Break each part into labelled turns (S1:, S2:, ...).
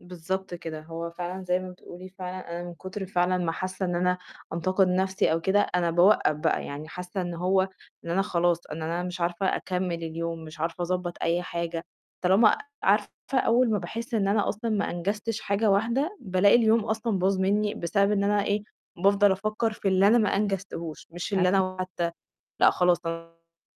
S1: بالضبط كده، هو فعلًا زي ما بتقولي فعلًا أنا من كتر فعلًا ما حاسة إن أنا أنتقد نَفْسي أو كده أنا باوقّف بقى، يعني حاسة إن هو إن أنا خلاص إن أنا مش عارفة أكمّل اليوم، مش عارفة أضبَّط أي حاجة، طالما عارفة أول ما باحس إن أنا أصلًا ما أنجزتش حاجة واحدة، بالاقي اليوم أصلًا باظ منّي بسبب إن أنا إيه، بافضل أفكّر في اللي أنا ما أنجزتهوش، مش اللي
S2: أكي
S1: أنا حتى لأ، خلاص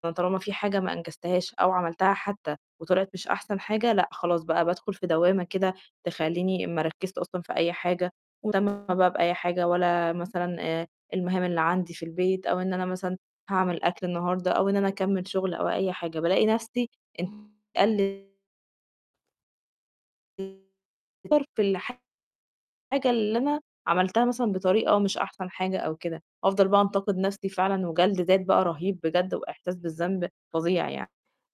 S1: أنا طالما في حاجة ما أنجزتهاش أو عَمَلتها حتى وطلعِت مش أحسن حاجة، لأ خلاص بقى بادخل في دوّامة كده تخلّيني ما أركّزش أصلًا في أي حاجة ولا مهتمة بقى بأي حاجة ولا مثلًا، آآ، المهام اللي عندي في البيت، أو إن أنا مثلًا هاعمل أكل النهارده، أو إن أنا أكمّل شغل أو أي حاجة، بالاقي نَفْسي [unintelligible] أتقّل [unintelligible] اللي حتى الحاجة اللي أنا عَمَلتها مثلًا بطريقة مش أحسن حاجة أو كده، أفضل بقى أنتقد نَفْسي فعلًا وجَلد ذات بقى رهيب بجد، وإحساس بالذنب فظيع يعني.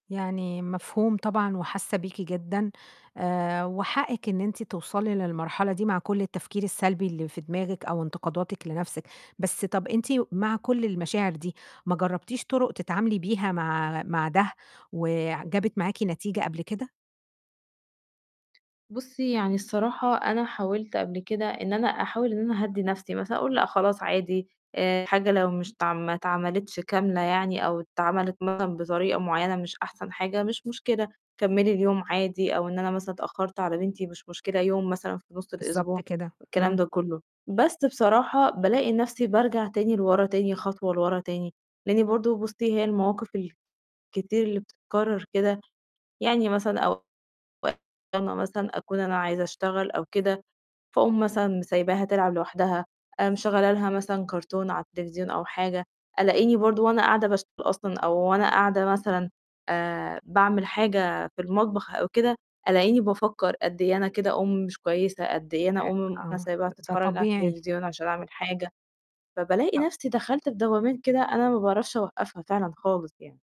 S2: يعني مفهوم طبعًا وحاسة بيكِ جدًا، آآ، وحقِّك إن أنتِ توصلي للمرحلة دي مع كُلّ التفكير السلبي اللي في دماغِك، أو انتقاداتِك لنَفْسِك، بس طَب أنتِ مع كُلّ المشاعر دي ما جربتيش طُرُق تتعاملي بيها مع مع ده، وآآ، ع جابت معاكِ نتيجة قبل كده؟
S1: بُصّي، يعني الصراحة أنا حاولت قبل كده إن أنا أحاول إن أنا أهدّي نفسي مثلًا أقول لأ خلاص عادي، آآ، الحاجة لو مش اتعم ما اتعملتش كاملة يعني أو اتعَملِت مثلًا بطريقة معيّنة مش أحسن حاجة مش مشكلة، كمّلي اليوم عادي أو إن أنا مثلًا اتأخّرت على بنتي مش مشكلة يوم مثلًا في نُصّ الأسبوع،
S2: بالضبط كده،
S1: والكلام
S2: إمم.
S1: ده كُلّه. بس بصراحة بالاقي نفسي بارجع تاني لورا تاني خطوة لورا تاني، لأني برضه بُصّي هي المواقف الكتير اللي بتتكرّر كده يعني مثلًا أو [unintelligible] مثلًا أكون أنا عايزة أشتغل أو كده، فأقوم مثلًا سايباها تلعب لوحدها، مشغّلة لها مثلًا كارتون على التليفزيون أو حاجة، ألاقيني برضه وأنا قاعدة باشتغل أصلًا أو وأنا قاعدة مثلًا، آآ، باعمل حاجة في المطبخ أو كده، ألاقيني بافكّر قد إيه أنا كده أُمّ مش كويسة، قد إيه أنا
S2: أ
S1: أُمّ أنا
S2: آه،
S1: سايباها
S2: ده ده
S1: تتفرّج على
S2: طبيعي.
S1: التليفزيون علشان أعمل حاجة، فبالاقي
S2: ط
S1: نَفْسي دَخَلت في دوّامات كده أنا ما باعرفش أوقفها فعلًا خالص يعني.